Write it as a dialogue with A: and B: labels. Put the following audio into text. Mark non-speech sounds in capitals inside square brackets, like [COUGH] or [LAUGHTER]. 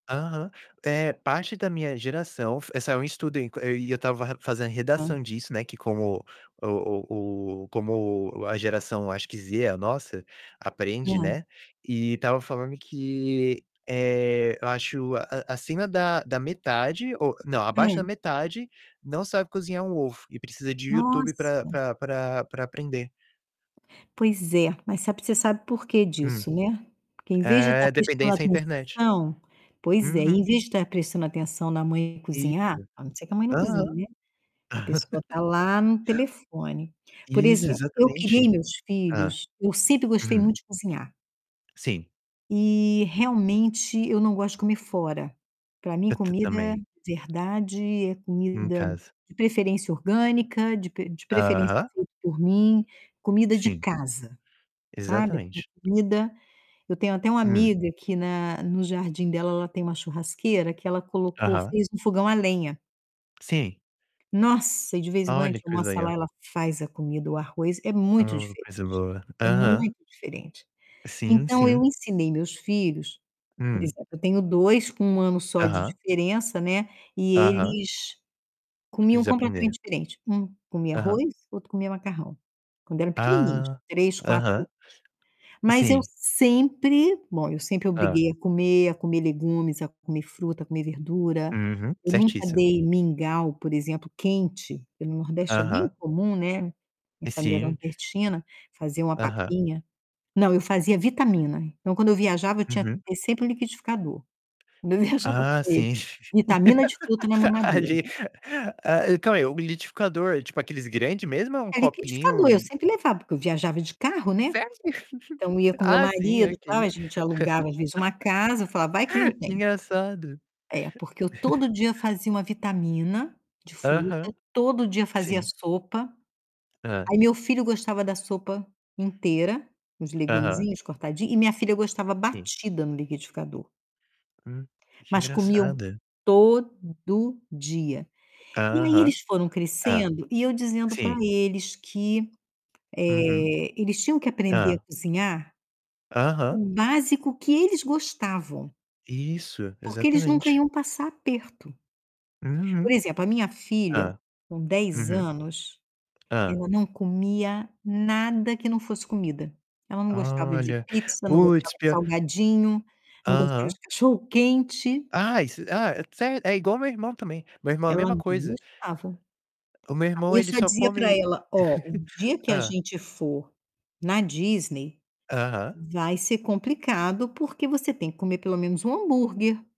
A: Aham. Eh, parte da minha geração f saiu um estudo en e eu tava ra fazendo
B: Hã.
A: redação disso, né, que como o o o como a geração, acho que, Z, a nossa, aprende,
B: Hum.
A: né. E tava falando que, eh, eu acho a a acima da da metade, ou não, abaixo da
B: Hum.
A: metade não sabe cozinhar um ovo e precisa de YouTube pra
B: Nossa!
A: pra pra pra aprender.
B: Pois é. Mas sabe você sabe por que
A: Hum.
B: disso, né? Porque em vez de tá
A: É
B: prestando
A: dependência à internet.
B: atenção pois é,
A: Uhum.
B: em vez de tá prestando atenção na mãe
A: Isso.
B: cozinhar, a não ser que a mãe não
A: Aham.
B: cozinhe, né? A pessoa tá lá no
A: [LAUGHS]
B: telefone. Por
A: Isso,
B: exemplo, eu criei
A: exatamente.
B: meus
A: Hã.
B: filhos eu sempre gostei
A: Uhum.
B: muito de cozinhar.
A: Sim.
B: E realmente eu não gosto de comer fora. Pra mim,
A: Ta ta
B: comida
A: também.
B: verdade é
A: Em
B: comida
A: casa.
B: de preferência orgânica, de pre de preferência
A: Aham.
B: feita por mim. Comida de
A: Sim.
B: casa, sabe?
A: Exatamente.
B: Comida eu tenho até uma
A: Hum.
B: amiga que na no jardim dela, ela tem uma churrasqueira que ela colocou
A: Aham.
B: fez um fogão a lenha.
A: Sim.
B: Nossa! E, de vez em quando, a
A: Olha
B: gente
A: que coisa
B: almoça lá.
A: legal.
B: Ela faz a comida, o arroz. É muito
A: O coisa
B: diferente,
A: boa.
B: é
A: Aham.
B: muito diferente.
A: Sim,
B: Então eu
A: sim.
B: ensinei meus filhos, por
A: Hum.
B: exemplo, eu tenho 2 com 1 ano só de
A: Aham.
B: diferença, né. E
A: Aham.
B: eles comiam
A: Eles aprenderam.
B: completamente diferente. 1 comia
A: Aham.
B: arroz, o outro comia macarrão. Quando eram pequenininhos,
A: Ah.
B: 3, 4
A: Aham.
B: anos. Mas eu
A: Sim.
B: sempre, bom, eu sempre
A: Hã.
B: obriguei a comer, a comer legumes, a comer fruta, a comer verdura.
A: Uhum.
B: Eu nunca
A: Certíssima.
B: dei mingau, por exemplo, quente. Porque no Nordeste é bem
A: Aham.
B: comum, né. Minha
A: E
B: família é
A: sim.
B: nordestina, fazia uma
A: Aham.
B: papinha. Não, eu fazia vitamina. Então, quando eu viajava, eu tinha que
A: Uhum.
B: ter sempre um liquidificador. Quando eu viajava com
A: Ah,
B: ele.
A: sim.
B: vitamina de fruta na
A: [LAUGHS] A
B: mamadeira.
A: ge A a calma aí. O liquidificador é, tipo, aqueles grande mesmo ou é um
B: É, liquidificador.
A: copinho
B: Eu
A: e
B: sempre levava porque eu viajava de
A: S
B: carro, né.
A: sério?
B: Então eu
A: [CHUCKLES]
B: ia com meu
A: Ah, sim,
B: marido, tal.
A: ok.
B: A gente alugava às vezes uma casa. Eu falava: "Vai que não
A: [LAUGHS] Que
B: tem".
A: engraçado.
B: É, porque eu
A: [CHUCKLES]
B: todo dia fazia uma vitamina de fruta,
A: Aham.
B: todo dia fazia
A: Sim.
B: sopa.
A: Hã.
B: Aí, meu filho gostava da sopa inteira, uns
A: Aham.
B: legumezinhos cortadinhos, e minha filha gostava
A: Sim.
B: batida no liquidificador.
A: Hum. Que
B: Mas comiam
A: engraçado.
B: todo dia. E aí
A: Aham.
B: eles foram
A: Hã.
B: crescendo e eu dizendo pra
A: sim.
B: eles que,
A: Uhum.
B: eh, eles tinham que aprender a
A: Hã.
B: cozinhar
A: Aham.
B: o básico que eles gostavam.
A: Isso,
B: Porque eles nunca
A: exatamente.
B: iam passar aperto. Por
A: Uhum.
B: exemplo, a minha filha,
A: Hã.
B: com 10
A: Uhum.
B: anos,
A: Hã.
B: ela não comia nada que não fosse comida. Ela não gostava de
A: Olha.
B: pizza, não gostava
A: Puts,
B: de
A: pior
B: salgadinho, não gostava
A: aham.
B: de cachorro-quente.
A: Ah, is ah, sé é igual meu irmão também. Meu irmão a
B: Ela
A: mesma
B: não
A: coisa.
B: gostava.
A: O meu
B: Ah,
A: irmão ele
B: isso eu só
A: só
B: dizia pra
A: come
B: ela: "Ó,
A: [CHUCKLES]
B: o dia que a
A: Hã.
B: gente for na Disney,
A: Aham.
B: vai ser complicado. Porque você tem que comer pelo menos um hambúrguer".